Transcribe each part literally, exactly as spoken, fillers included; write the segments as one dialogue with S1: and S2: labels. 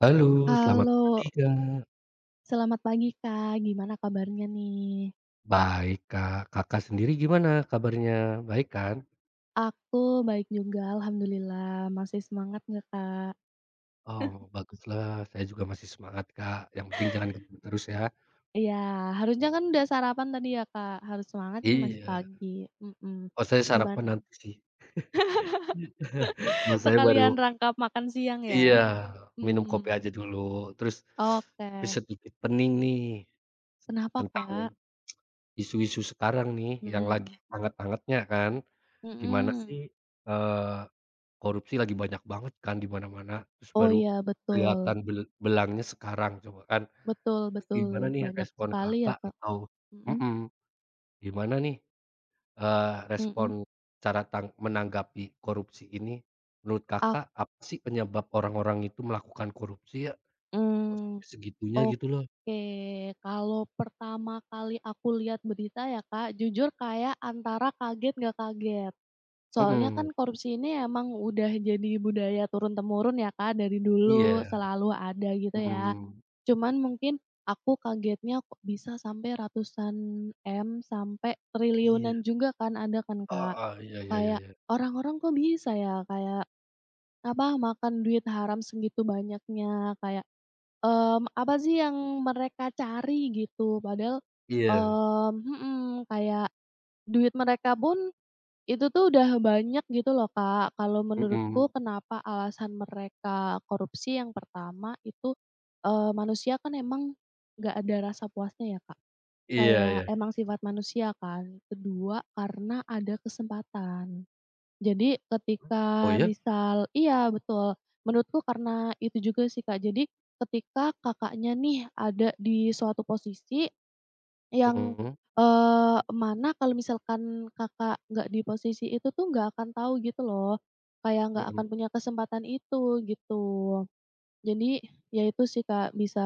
S1: Halo, selamat pagi
S2: Halo.
S1: Kak.
S2: Selamat pagi, Kak. Gimana kabarnya nih?
S1: Baik Kak. Kakak sendiri gimana kabarnya? Baik kan?
S2: Aku baik juga. Alhamdulillah. Masih semangat nggak Kak?
S1: Oh baguslah. Saya juga masih semangat Kak, yang penting jangan [unintelligible] terus ya?
S2: Iya. Harusnya kan
S1: Mmm.
S2: udah sarapan tadi ya Kak? Harus semangat ini masih
S1: Iya.
S2: pagi. Mhm.
S1: Oh saya sarapan
S2: Gimana?
S1: nanti sih. Kalau saya
S2: Sekalian
S1: baru
S2: rangkap makan siang
S1: Iya.
S2: ya?
S1: Minum kopi aja
S2: Mmm.
S1: dulu. Terus, tapi
S2: Oke.
S1: sedikit pening nih,
S2: Kenapa
S1: tentang,
S2: Kak?
S1: isu-isu sekarang nih, yang lagi
S2: Mhm.
S1: hangat-hangatnya kan. Gimana sih,
S2: Mhm.
S1: eee, korupsi lagi banyak banget kan di mana-mana. Terus
S2: Oh
S1: baru
S2: ya,
S1: kelihatan
S2: betul.
S1: bel belangnya sekarang coba kan.
S2: Betul
S1: Terus gimana
S2: betul.
S1: nih,
S2: Banyak
S1: respon
S2: sekali ya
S1: Kakak
S2: Kak?
S1: atau
S2: Mhm.
S1: mhm. Gimana nih, eee, respon,
S2: Mhm.
S1: cara tang menanggapi korupsi ini? Menurut
S2: Ak
S1: Kakak, apa sih penyebab orang-orang itu melakukan korupsi ya? Kok
S2: Mmm.
S1: segitunya, gitu loh.
S2: Oke. Kalau pertama kali aku lihat berita ya Kak, jujur kayak antara kaget, nggak kaget. Soalnya
S1: Mhm.
S2: kan, korupsi ini emang udah jadi budaya turun-temurun ya Kak, dari dulu
S1: Iya.
S2: selalu ada, gitu ya.
S1: Mhm.
S2: Cuman mungkin, aku kagetnya, kok bisa sampai ratusan M, sampai
S1: Iya.
S2: triliunan juga kan, ada kan Kak?
S1: Heeh. iya iya iya
S2: Kayak,
S1: iya.
S2: orang-orang kok bisa ya? Kayak, apa, makan duit haram segitu banyaknya kayak, mmm, apa sih yang mereka cari? Gitu. Padahal,
S1: Iya.
S2: mmm mhm. Kayak duit mereka pun, itu tuh udah banyak, gitu loh Kak. Kalau menurutku
S1: Mhm.
S2: kenapa alasan mereka korupsi yang pertama itu, eee, manusia kan emang, nggak ada rasa puasnya ya Kak.
S1: Iya
S2: Kayak,
S1: iya.
S2: emang sifat manusia kan. Kedua, karena ada kesempatan. Jadi
S1: Mmm, oh
S2: ketika
S1: ya?
S2: misal iya, betul. Menurutku karena itu juga sih Kak. Jadi, ketika Kakaknya nih, ada di suatu posisi yang,
S1: Mhm.
S2: eee, mana kalau misalkan Kakak nggak di posisi itu tuh, nggak akan tahu gitu loh. Kayak nggak akan
S1: Mhm.
S2: punya kesempatan itu, gitu. Jadi, ya itu sih Kak. Bisa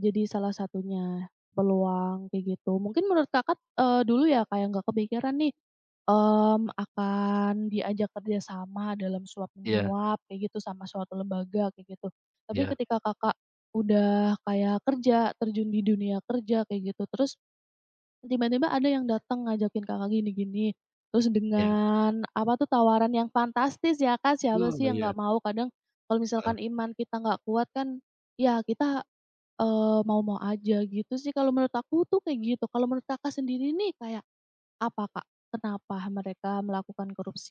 S2: jadi salah satunya. Peluang, kayak gitu. Mungkin menurut kakat, eee, dulu ya Kak yang nggak kepikiran nih, mmm, akan diajak kerja sama dalam
S1: Iya.
S2: suap-menyuap, kayak gitu, sama suatu lembaga, kayak gitu. Tapi
S1: Iya.
S2: ketika Kakak udah kayak kerja, terjun di dunia kerja kayak gitu. Terus, tiba-tiba ada yang datang, ngajakin Kakak gini-gini, terus
S1: Iya.
S2: dengan apa tuh tawaran yang fantastis ya Kak, siapa sih
S1: Oh
S2: yang
S1: iya.
S2: nggak mau? Kadang, kalau misalkan
S1: Heeh.
S2: iman kita nggak kuat kan, ya kita, eee, mau-mau aja. Gitu sih, kalau menurut aku tuh kayak gitu. Kalau menurut Kakak sendiri nih, kayak, apa Kak? Kenapa mereka melakukan korupsi?